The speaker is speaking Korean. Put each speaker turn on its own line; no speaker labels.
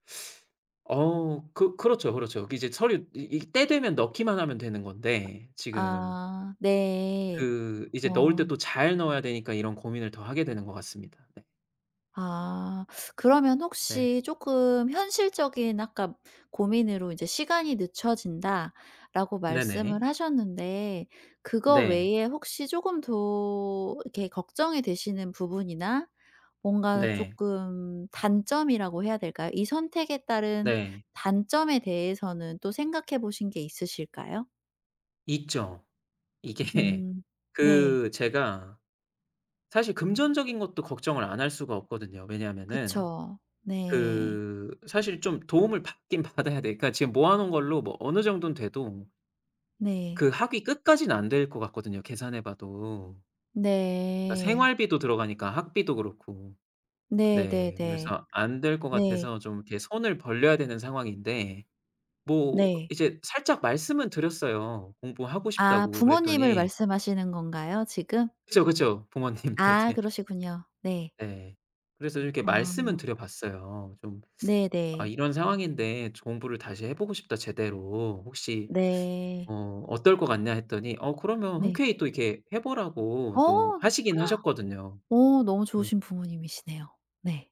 어 그 그렇죠, 그렇죠. 이제 서류 이 이 때 되면 넣기만 하면 되는 건데. 지금
아 네.
그 이제 넣을
어.
때 또 잘 넣어야 되니까 이런 고민을 더 하게 되는 것 같습니다. 네.
아. 그러면
네.
혹시 쪼끔 현실적인 아까 고민으로 이제 "시간이 늦춰진다."라고
네네.
말씀을 하셨는데 그거
네.
외에 혹시 쪼금 더 이렇게 걱정이 되시는 부분이나 뭔가
네.
쪼끔 단점이라고 해야 될까요? 이 선택에 따른
네.
단점에 대해서는 또 생각해 보신 게 있으실까요?
있죠. 이게
음. 네.
그 제가 사실 금전적인 것도 걱정을 안 할 수가 없거든요. 왜냐하면은
그쵸. 네.
그 사실 좀 도움을 받긴 받아야 돼요. 그러니까 지금 모아놓은 걸로 뭐 어느 정도는 돼도
네.
그 학위 끝까지는 안 될 것 같거든요, 계산해 봐도. 그러니까
네.
생활비도 들어가니까 학비도 그렇고. 네.
네네네.
그래서 안 될 것
네.
같아서 좀 이렇게 손을 벌려야 되는 상황인데 뭐
네.
이제 살짝 말씀은 드렸어요 공부하고
아
싶다고.
부모님을
그랬더니
말씀하시는 건가요 지금?
그죠, 그죠. 부모님
아
네네.
그러시군요. 네.
네. 그래서 이렇게 말씀은
아.
드려 봤어요. 좀 "아
네네.
이런 상황인데 좀 공부를 다시 해 보고 싶다 제대로. 혹시
네.
어 어떨 것 같냐." 했더니 어 그러면
네.
흔쾌히 또 이렇게 해 보라고 또
어.
하시긴 하셨거든요.
어 너무
네.
좋으신 부모님이시네요. 네.